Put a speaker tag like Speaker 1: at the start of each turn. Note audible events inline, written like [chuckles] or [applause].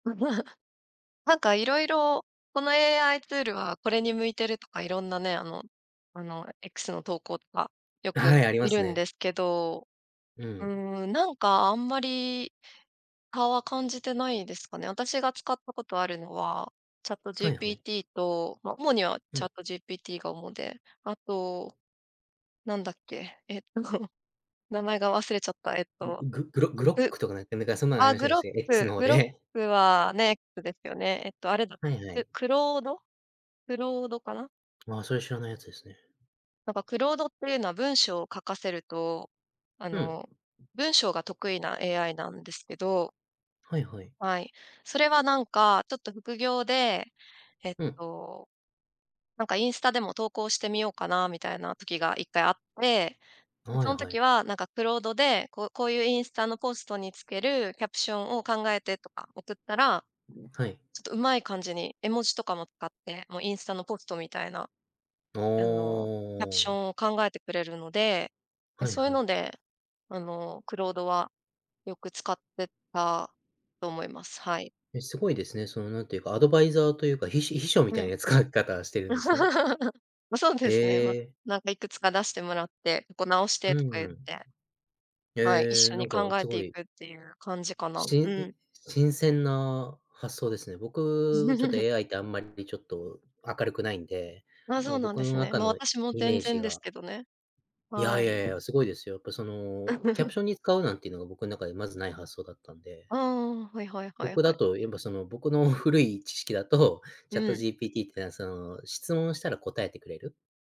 Speaker 1: あ、まあ、なんかいろいろこの AI ツールはこれに向いてるとかいろんなね、あのあの、あ、X の投稿とかよ
Speaker 2: あ、
Speaker 1: く
Speaker 2: はい、ありま
Speaker 1: 見
Speaker 2: す
Speaker 1: るんで
Speaker 2: ね。
Speaker 1: すけど、
Speaker 2: う
Speaker 1: う
Speaker 2: ん。
Speaker 1: ーん、なんかあんまりかは感じてないですかね。あたしが使ったことあるのは、
Speaker 2: はいはい。
Speaker 1: ChatGPT と、ま、主には
Speaker 2: うん。
Speaker 1: ChatGPT が主で。あと、なんだっけ。えっと名前が忘れちゃった。えっ
Speaker 2: ね、
Speaker 1: と、
Speaker 2: ん、ググロ
Speaker 1: う
Speaker 2: Grok とかね、ねか、そんなんあり
Speaker 1: あ、
Speaker 2: ませんでし
Speaker 1: Grok。
Speaker 2: たっけ、X ので。
Speaker 1: Grok はね、くですよね。えっとあれだ、
Speaker 2: はいはい。
Speaker 1: で、Claude、Claude かな。
Speaker 2: まあ、それ、知らないやつですね。
Speaker 1: なんか Claude っていうのは文章を書かせると、あ
Speaker 2: うん。
Speaker 1: の、文章が得意な AI なんですけど
Speaker 2: はいはい。
Speaker 1: はい。それはなんかちょっと副業で、えっ
Speaker 2: うん。
Speaker 1: と、なんかインスタでも投稿してみようかなみたいな時が1回あって、
Speaker 2: あ、
Speaker 1: で、
Speaker 2: は
Speaker 1: そ
Speaker 2: い
Speaker 1: ん
Speaker 2: は
Speaker 1: 時
Speaker 2: い。
Speaker 1: はなんか Claude でこう「こういうインスタのコストにつけるキャプションを考えて」とか送ったら、
Speaker 2: はい。
Speaker 1: ちょっと上手い感じに絵文字とかも使って、もうインスタのポストみたいな、
Speaker 2: お
Speaker 1: あの、キャプショ
Speaker 2: お。
Speaker 1: ンを考えてくれるので。で、
Speaker 2: はい
Speaker 1: そういう
Speaker 2: は
Speaker 1: の
Speaker 2: い。
Speaker 1: で、あの、Claude はよく使ってたと思います。はい。
Speaker 2: え、すごいですね、その、なんていうか、アドバイザーというか、ひし秘書み
Speaker 1: う
Speaker 2: たい
Speaker 1: ん。
Speaker 2: な使い方してるんですね。
Speaker 1: [laughs] ま、そうで
Speaker 2: へ
Speaker 1: すね。ま、
Speaker 2: え。
Speaker 1: なんかいくつか出してもらって、「ここ直し
Speaker 2: う
Speaker 1: て」とか言っ
Speaker 2: ーん。
Speaker 1: て。はい、一
Speaker 2: へえ、
Speaker 1: 緒
Speaker 2: な
Speaker 1: に
Speaker 2: んか
Speaker 1: 考え
Speaker 2: す
Speaker 1: て
Speaker 2: ご
Speaker 1: い
Speaker 2: い
Speaker 1: くっていう感じかな。
Speaker 2: し
Speaker 1: う
Speaker 2: ん、
Speaker 1: ん。
Speaker 2: 新鮮な発想ですね。僕ちょっと
Speaker 1: [chuckles]
Speaker 2: AI ってあんまりちょっと明るくないんで、
Speaker 1: あ、
Speaker 2: あ
Speaker 1: そう
Speaker 2: の
Speaker 1: なん
Speaker 2: 僕
Speaker 1: で
Speaker 2: の
Speaker 1: すね。
Speaker 2: 中
Speaker 1: ま、
Speaker 2: の
Speaker 1: 私も
Speaker 2: イメ
Speaker 1: 全
Speaker 2: ージ
Speaker 1: 然です
Speaker 2: が
Speaker 1: けどね。
Speaker 2: いや
Speaker 1: は
Speaker 2: いや
Speaker 1: い。
Speaker 2: いや、すごいですよ。っぱその、キャプ
Speaker 1: [chuckles]
Speaker 2: ションに使うなんていうのが僕ん中でまずない発想だったんで。
Speaker 1: ああ。はいはいはい
Speaker 2: 僕
Speaker 1: は
Speaker 2: だ
Speaker 1: い。
Speaker 2: と、やっぱその、僕の古い知識だと、
Speaker 1: うん。
Speaker 2: ChatGPT って、なんその、質問したら答えてくれる。